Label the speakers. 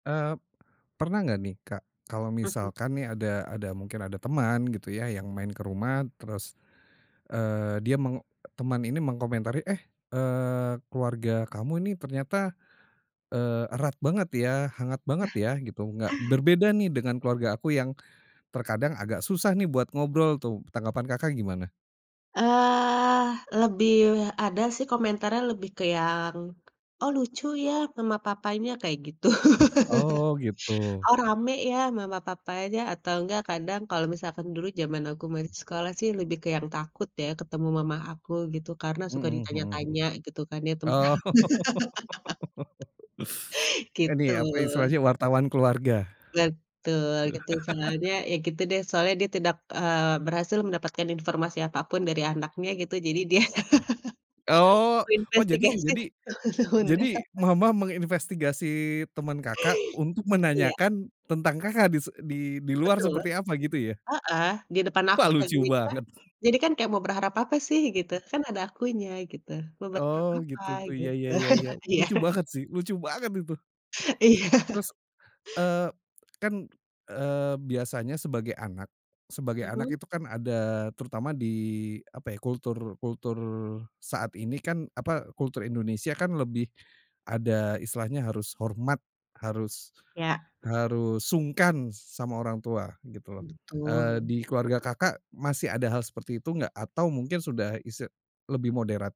Speaker 1: Eee, pernah enggak nih, Kak, kalau
Speaker 2: Mhm.
Speaker 1: misalkan nih ada ada mungkin ada teman gitu ya, yang main ke rumah terus, eee, dia meng teman ini mengkomentari, "Eh, eee, keluarga kamu ini ternyata, eee, erat banget ya, hangat banget ya gitu, enggak berbeda nih dengan keluarga aku yang terkadang agak susah nih buat ngobrol tuh." Tanggapan Kakak, gimana?
Speaker 2: Eee, lebih ada sih komentarnya lebih ke yang, "Oh lucu ya mama, papanya," kayak gitu.
Speaker 1: Oh gitu.
Speaker 2: "Oh rame ya mama papanya," atau enggak kadang kalau misalkan dulu zaman aku masih sekolah sih, lebih ke yang takut ya, ketemu mama aku gitu. Karena suka
Speaker 1: Mhm mhm mhm.
Speaker 2: ditanya-tanya gitu kan ya, tentang
Speaker 1: Oh.
Speaker 2: gitu.
Speaker 1: Ini apa, istilahnya wartawan keluarga.
Speaker 2: Betul, gitu. Soalnya ya gitu deh, soalnya dia tidak, eee, berhasil mendapatkan informasi apapun dari anaknya gitu, jadi dia
Speaker 1: Oh. Oh, jadi
Speaker 2: menginvestigasi
Speaker 1: jadi jadi
Speaker 2: temen-temennya.
Speaker 1: mama menginvestigasi teman Kakak, untuk
Speaker 2: Iya.
Speaker 1: menanyakan tentang Kakak, dise di di luar
Speaker 2: Betul.
Speaker 1: seperti apa gitu ya?
Speaker 2: Heeh di depan aku.
Speaker 1: Wah lucu
Speaker 2: [unintelligible]
Speaker 1: banget.
Speaker 2: Jadi kan kayak mau berharap apa sih, gitu.
Speaker 1: E
Speaker 2: Kan ada akunya, gitu. Mau berharap
Speaker 1: Oh
Speaker 2: apa,
Speaker 1: gitu tuh, ya
Speaker 2: gitu.
Speaker 1: ya ya.
Speaker 2: Iya.
Speaker 1: Lucu banget sih, lucu banget itu.
Speaker 2: Iya.
Speaker 1: Terus, eee, kan, eee, biasanya sebagai anak sebagai anak
Speaker 2: Mhm.
Speaker 1: itu kan ada terutama di apa ya, kultur kultur saat ini kan apa, kultur Indonesia kan lebih ada istilahnya harus hormat, harus
Speaker 2: Ya.
Speaker 1: harus sungkan sama orang tua gitu loh, eee,
Speaker 2: Betul.
Speaker 1: di keluarga Kakak, masih ada hal seperti itu enggak? Atau mungkin isti sudah lebih moderat?